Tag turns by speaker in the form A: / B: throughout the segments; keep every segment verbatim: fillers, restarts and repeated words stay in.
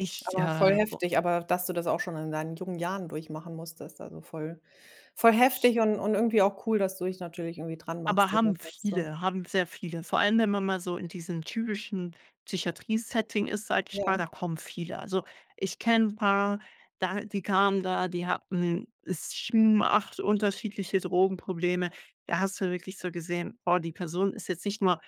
A: Ich,
B: Aber voll
A: äh, boah
B: heftig. Aber dass du das auch schon in deinen jungen Jahren durchmachen musstest, also voll voll
A: Sch
B: heftig und und irgendwie auch cool, dass du dich natürlich irgendwie dran
A: Aber
B: machst
A: haben
B: oder sagst so
A: viele haben sehr viele. Vor allem, wenn man mal so in diesem typischen Psychiatrie-Setting ist, sage ich mal,
B: Ja.
A: da kommen viele. Also ich kenne 'n paar, da die kamen da, die hatten, esschm, acht unterschiedliche Drogenprobleme. Da hast du wirklich so gesehen: „Boah, die Person ist jetzt nicht nur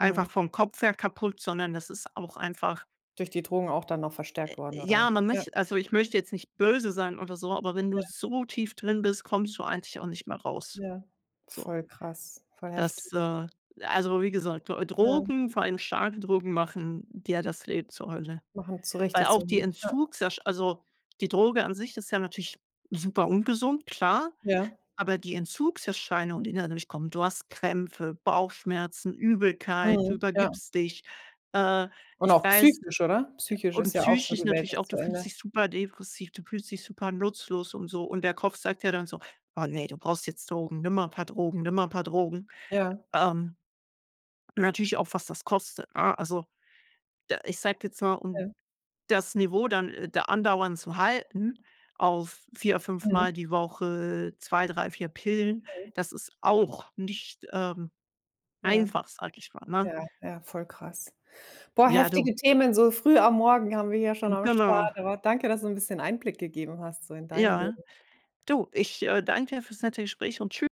B: Mhm.
A: vom Kopf her kaputt, sondern das ist auch einfach“
B: Durch die Drogen auch dann noch
A: Äh,
B: verstärkt worden,
A: ja,
B: oder
A: man
B: ja.
A: möch also ich möchte jetzt nicht böse sein oder so, aber wenn du
B: Ja.
A: so tief drin bist, kommst du eigentlich auch nicht mehr raus.
B: Ja.
A: So.
B: Voll krass. Voll
A: Das,
B: heftig.
A: äh also wie gesagt, D
B: Mhm.
A: Drogen, vor allem starke Drogen machen dir das Leben zur Hölle.
B: Machen zu
A: Weil
B: richtig
A: auch
B: zur
A: die
B: Hölle. Ja.
A: Entzugsersch also die Droge an sich ist ja natürlich super ungesund, klar,
B: Ja.
A: aber die Entzugserscheinungen, die dann dadurch kommen, du hast Krämpfe, Bauchschmerzen, Übelkeit, du
B: Mhm, ja.
A: übergibst dich. Äh,
B: Und
A: ich
B: auch
A: weiß
B: psychisch, oder? Psychisch
A: und
B: ist ja auch so:
A: psychisch
B: Die Welt
A: natürlich auch,
B: ist
A: du
B: zu
A: fühlst
B: Ende.
A: dich super depressiv, du fühlst dich super nutzlos und so und der Kopf sagt ja dann so: „Oh ne, du brauchst jetzt Drogen. Nimm mal 'n paar Drogen, nimm mal 'n paar Drogen."
B: Ja.
A: Ähm natürlich auch, was das kostet, ne? Also, de ich sage jetzt mal, um
B: Mhm.
A: das Niveau dann, äh, da andauernd zu halten auf vier
B: Mhm.
A: fünfmal die Woche zwei, drei, vier Pillen,
B: Mhm.
A: das ist auch nicht, ähm,
B: Ja.
A: einfach, sage ich mal, ne?
B: Ja, ja, voll krass. Boah,
A: Ja, du
B: heftige Themen so früh am Morgen haben wir hier schon
A: Hm.
B: am
A: Genau.
B: Start. Aber danke, dass du 'n bisschen Einblick gegeben hast so in dein
A: Ja.
B: Leben.
A: Du, ich, äh, danke dir fürs nette Gespräch und tschü